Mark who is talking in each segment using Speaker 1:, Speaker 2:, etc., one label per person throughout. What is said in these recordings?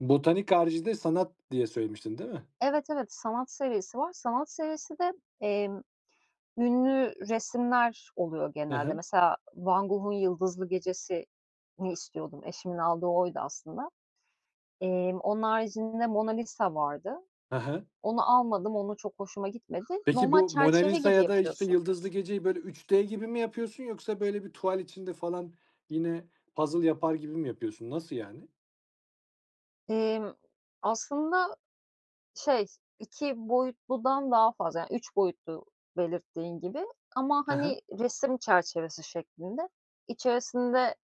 Speaker 1: Botanik harici de sanat diye söylemiştin, değil mi?
Speaker 2: Evet, evet, sanat serisi var. Sanat serisi de, emm, ünlü resimler oluyor
Speaker 1: Ha
Speaker 2: genelde
Speaker 1: ha.
Speaker 2: mesela Van Gogh'un Yıldızlı Gecesi'ni istiyordum, eşimin aldığı oydu aslında. Emm, onun haricinde Mona Lisa vardı.
Speaker 1: Ha ha.
Speaker 2: Onu almadım, onu çok hoşuma gitmedi.
Speaker 1: Peki
Speaker 2: Normal
Speaker 1: bu Mona
Speaker 2: çerçeve
Speaker 1: Lisa
Speaker 2: gibi
Speaker 1: ya da, işte,
Speaker 2: yapıyorsun
Speaker 1: Yıldızlı Gece'yi, böyle, 3D gibi mi yapıyorsun yoksa böyle bir tuval içinde falan yine puzzle yapar gibi mi yapıyorsun, nasıl, yani?
Speaker 2: Emm, aslında, şey, 2 boyutludan daha fazla yani 3 boyutlu belirttiğin gibi, ama,
Speaker 1: Ha ha.
Speaker 2: hani, resim çerçevesi şeklinde. İçerisinde,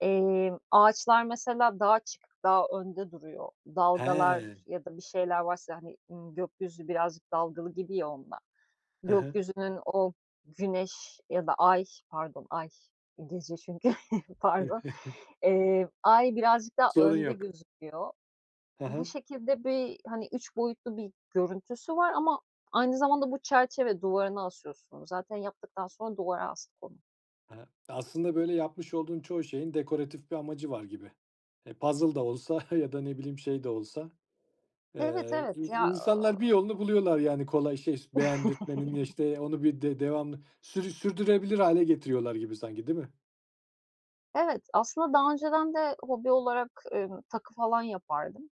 Speaker 2: emm, ağaçlar mesela daha açık, daha önde duruyor.
Speaker 1: He.
Speaker 2: Dalgalar ya da bir şeyler varsa, hani, ııı, gökyüzü birazcık dalgalı gibi ya onda,
Speaker 1: Hı hı.
Speaker 2: gökyüzünün o, güneş ya da ay pardon ay. Gece çünkü, pardon. Eee, ay birazcık daha
Speaker 1: Sorun
Speaker 2: önde
Speaker 1: yok.
Speaker 2: gözüküyor.
Speaker 1: Ha
Speaker 2: Bu
Speaker 1: ha.
Speaker 2: şekilde bir, hani, 3 boyutlu bir görüntüsü var ama, aynı zamanda bu çerçeve, duvarına asıyorsun onu zaten yaptıktan sonra duvara astık onu.
Speaker 1: Ha. Aslında, böyle, yapmış olduğun çoğu şeyin dekoratif bir amacı var gibi. E, puzzle da olsa ya da, ne bileyim, şey de olsa,
Speaker 2: Evet,
Speaker 1: eee, i
Speaker 2: evet ya,
Speaker 1: insanlar bir
Speaker 2: aaa
Speaker 1: yolunu buluyorlar yani kolay şer beğendirtmenin, işte, onu bir d devamlı sür sürdürebilir hâle getiriyorlar gibi sanki, değil mi?
Speaker 2: Evet, aslında daha önceden de hobi olarak, ımm, takı falan yapardım.